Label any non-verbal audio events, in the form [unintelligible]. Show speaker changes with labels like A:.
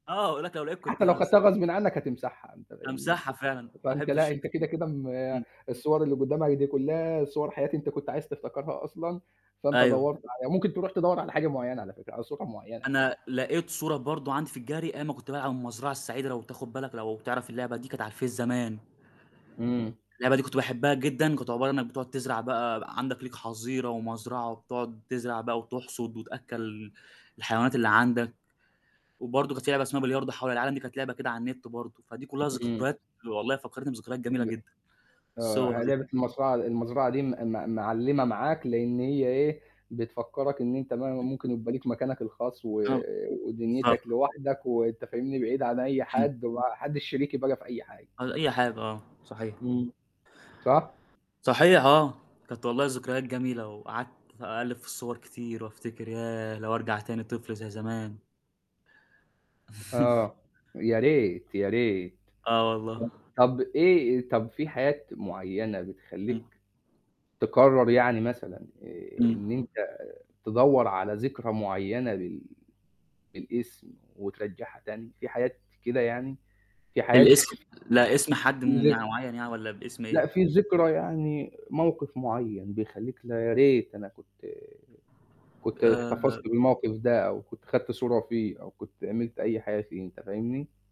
A: آه، ويقول لك لو لقيت كنت
B: حتى لو
A: [unintelligible]
B: خَدتها، غصبٍ عنك هتمسحها، أنت فاهمني؟
A: هامسحها فعلًا، ما
B: فأنت لأ،
A: أحبش
B: أنت كده، كده م
A: [unintelligible] إمم.
B: الصور اللي قدّامك دي كلّها، صور حياة أنت كنت عايز تفتكرها أصلًا، فأنت
A: أيوه.
B: دوَّرت عليها ممكن تروح تدوَّر على حاجة معيّنة على فكرة، على صورة معيّنة.
A: أنا لقيت صورة برضه عندي في الGallery أيام ما كنت بالعب المزرعة السعيدة، لو بتاخد بالك، لو بتعرف اللعبة دي كانت على الفيس زمان.
B: إمم.
A: اللعبة دي كنت باحبها جدًا، كانت عبارة إنك بتقعد تزرع بقى عندك، ليك حظيرة، ومزرعة، وبتقعد تزرع بقى، وتحصد، وتأكَّل الحيوانات اللي عندك، وبرضه كانت في لعبة اسمها بلياردو حول العالم، دي كانت لعبة كده على النت برضه، فدي كلّها
B: إمم.
A: ذكريات والله فكرتني بذكريات جميلة
B: ب
A: جدًا، الصور
B: آه، هي
A: دي.
B: لعبة المزرعة المزرعة دي م م مِعلمَة معاك، لإن هي إيه؟ بتفكرك إن أنت ما ممكن يبقى ليك مكانك الخاص، و ودنيتك
A: [unintelligible]
B: لوحدك، وأنت فاهمني؟ بعيد عن أي
A: إمم.
B: حد، وما حدش شريكي بقى في أي حاجة.
A: على أي حاجة، آه، صحيح.
B: إمم، صح؟
A: صحيح، آه، كانت والله ذكريات جميلة، وقعدت أقلِّب في الصور كتير، وأفتكر، ياه، لو أرجع تاني طفل زي زمان! [chuckles]
B: آه، يا ريت يا ريت
A: آه
B: ط
A: والله.
B: طب إيه، طب في حياة معينة
A: إمم.
B: بتخلِّيك تقرر يعني مثلًا آآ
A: إمم.
B: إن أنت تدوَّر على ذكرى معيّنة بال بالاسم، وترجعَّها تاني؟ في حاجات كده يعني في حاجات
A: الاس لأ، اسم حد م
B: [unintelligible]
A: معيّن يعني والّا باسم إيه؟
B: لأ. في ذكرى يعني موقف معيّن، بيخلِّيك لأ، يا ريت أنا كنت كنت
A: آآ
B: احتفظت بالمَوقِف ده، أو كنت خَدت صورة فيه، أو كنت عملت أي حاجة فيه، أنت فاهمني؟